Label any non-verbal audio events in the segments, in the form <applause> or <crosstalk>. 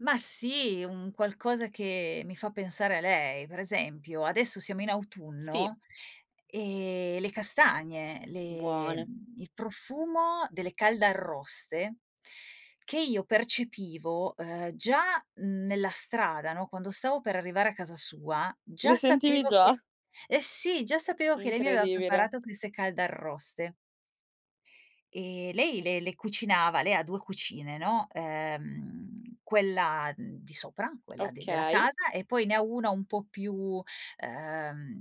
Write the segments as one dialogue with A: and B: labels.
A: Ma sì, un qualcosa che mi fa pensare a lei. Per esempio, adesso siamo in
B: Sì.
A: autunno, ehm, le castagne, le
B: Buone.
A: mhmm, il profumo delle caldarroste che io percepivo, ehm, già nella strada, no, quando stavo per arrivare a casa sua
B: Le
A: già
B: sentivi
A: sapevo
B: già?
A: che Eh sì già sapevo che lei mi aveva
B: Incredibile.
A: preparato queste caldarroste. Ehm, lei le le cucinava lei ha 2 cucine, no, ehm, quella di sopra, quella d della
B: Okay.
A: casa e poi ne ha 1 un po' più, ehm,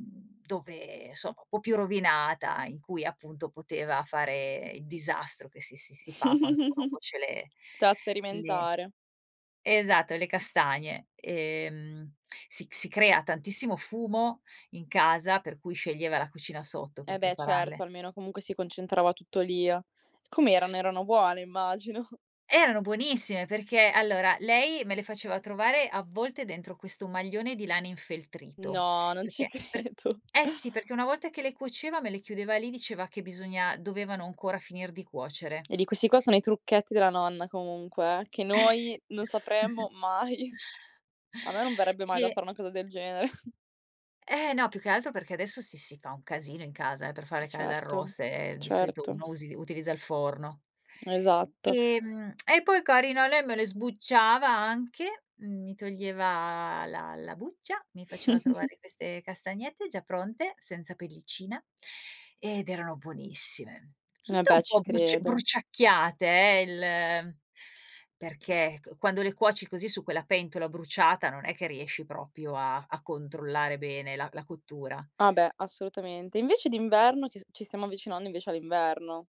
A: dove somma un po' più rovinata in cui appunto poteva fare il disastro che si si si fa quando uno
B: <chuckles>
A: cuoce le
B: Ta
A: le
B: sperimentare.
A: esatto le castagne ehm, si si crea tantissimo fumo in casa per cui, sceglieva la cucina sotto per
B: E beh,
A: prepararle.
B: certo almeno comunque si concentrava tutto lì, uhm com'erano? Erano buone, immagino.
A: Erano buonissime perché allora lei me le faceva trovare avvolte dentro questo maglione di lana infeltrito,
B: No, non ci
A: perché per
B: credo.
A: eh sì, perché una volta che le cuoceva me le chiudeva lì diceva che bisogna dovevano ancora finir di cuocere.
B: E di questi qua sono i trucchetti della nonna comunque, eh che
A: Eh
B: noi
A: sì.
B: non
A: <chuckles>
B: sapremmo mai. A me non verrebbe mai da
A: E
B: fare una cosa del genere. <chuckles>
A: Eh. No più che altro perché adesso si si fa un casino in casa eh, per le
B: Eh
A: fare
B: certo,
A: caldarroste, ehm, di solito
B: certo.
A: uno usi utilizza il forno.
B: Esatto.
A: Ehm, <tsk> e poi carina lei me le sbucciava anche, mi toglieva la la buccia, mi faceva
B: <chuckles>
A: trovare queste castagnette già pronte senza pellicina, ehm, ed erano buonissime.
B: E
A: Tutte un
B: beh, ci
A: po' bruc
B: credo.
A: bruciacchiate eh, il perché qu quando le cuoci così su quella pentola bruciata non è che riesci proprio a a controllare bene la la cottura.
B: Ah beh, assolutamente. Invece d'inverno? Che s ci stiamo avvicinando invece all'inverno.